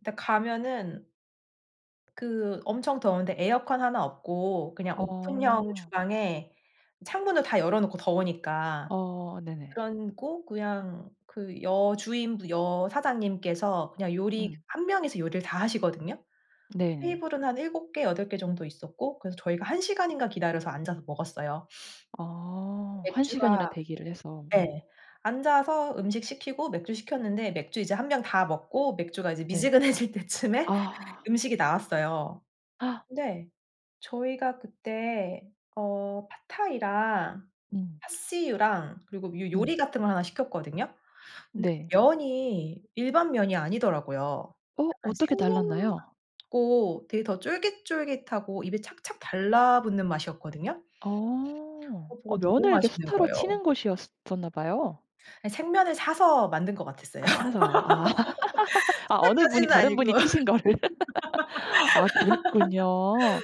근데 가면은 그 엄청 더운데 에어컨 하나 없고 그냥 오픈형 어. 주방에 창문을 다 열어놓고 더우니까. 어 네네. 그러고 그냥 그 여주인 분 여사장님께서 그냥 요리 음. 1 명이서 요리를 다 하시거든요. 네네. 테이블은 한 7 개 8 개 정도 있었고, 그래서 저희가 1 시간인가 기다려서 앉아서 먹었어요. 아 1 시간이나 맥주가 대기를 해서. 네. 네 앉아서 음식 시키고 맥주 시켰는데 맥주 이제 1 병 다 먹고 맥주가 이제 네. 미지근해질 때쯤에 아. 음식이 나왔어요. 근데 저희가 그때 어 팟타이랑, 음. 파씨유랑 그리고 요 음. 요리 같은 걸 하나 시켰거든요. 근데 네. 면이 일반 면이 아니더라고요. 어 약간 어떻게 생면 달랐나요? 같고 되게 더 쫄깃쫄깃하고 입에 착착 달라붙는 맛이었거든요. 어. 어 어 그거 너무 면을 이렇게 맛있는 수타로 거예요. 치는 곳이었었나봐요. 생면을 사서 만든 것 같았어요. 아 사서. 아. 아 어느 분이 수타까지는 다른 분이 아니고. 치신 거를. 아 그랬군요.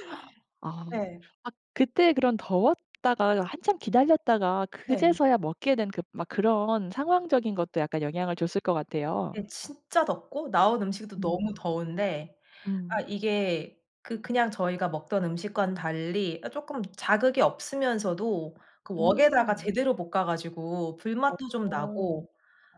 아. 네. 아 그때 그럼 더웠다가 한참 기다렸다가 네. 그제서야 먹게 된 막 그런 상황적인 것도 약간 영향을 줬을 것 같아요. 네 진짜 덥고 나온 음식도 너무 음. 더운데 음. 아 이게 그 그냥 저희가 먹던 음식과는 달리 아 쪼끔 자극이 없으면서도 그 웍에다가 음. 제대로 볶아가지고 어 불맛도 좀 어. 나고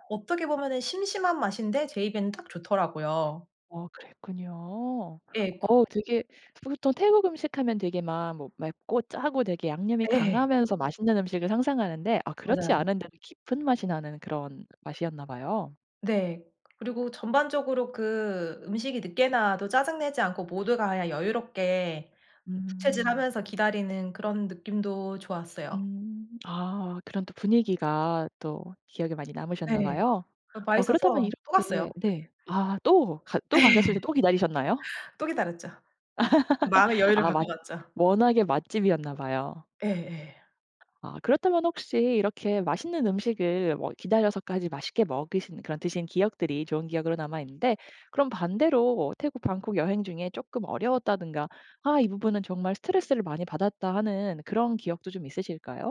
어떻게 보면은 심심한 맛인데 제 입에는 딱 좋더라고요. 아 그랬군요. 예. 그 어 되게 보통 태국 음식 하면 되게 막 뭐 맵고 짜고 되게 양념이 예. 강하면서 맛있는 음식을 상상하는데 아 그렇지 맞아요. 않은데도 깊은 맛이 나는 그런 맛이었나 봐요. 네. 그리고 전반적으로 그 음식이 늦게 나와도 짜증 내지 않고 모두가 그냥 여유롭게 음. 부채질하면서 기다리는 그런 느낌도 좋았어요. 음. 아 그런 또 분위기가 또 기억에 많이 남으셨나 네. 봐요. 어 어 그렇다면 맛있어서 또 갔어요. 이렇게 네 아 또 가 예. 또 가셨을 때 또 기다리셨나요? 또 기다렸죠. 마음의 여유를 아 갖고 맛 갔죠. 워낙에 맛집이었나 봐요. 예예. 아 그렇다면 혹시 이렇게 맛있는 음식을 뭐 기다려서까지 맛있게 먹으신 그런 드신 기억들이 좋은 기억으로 남아있는데 그럼 반대로 태국 방콕 여행 중에 쪼끔 어려웠다든가 아 이 부분은 정말 스트레스를 많이 받았다 하는 그런 기억도 좀 있으실까요?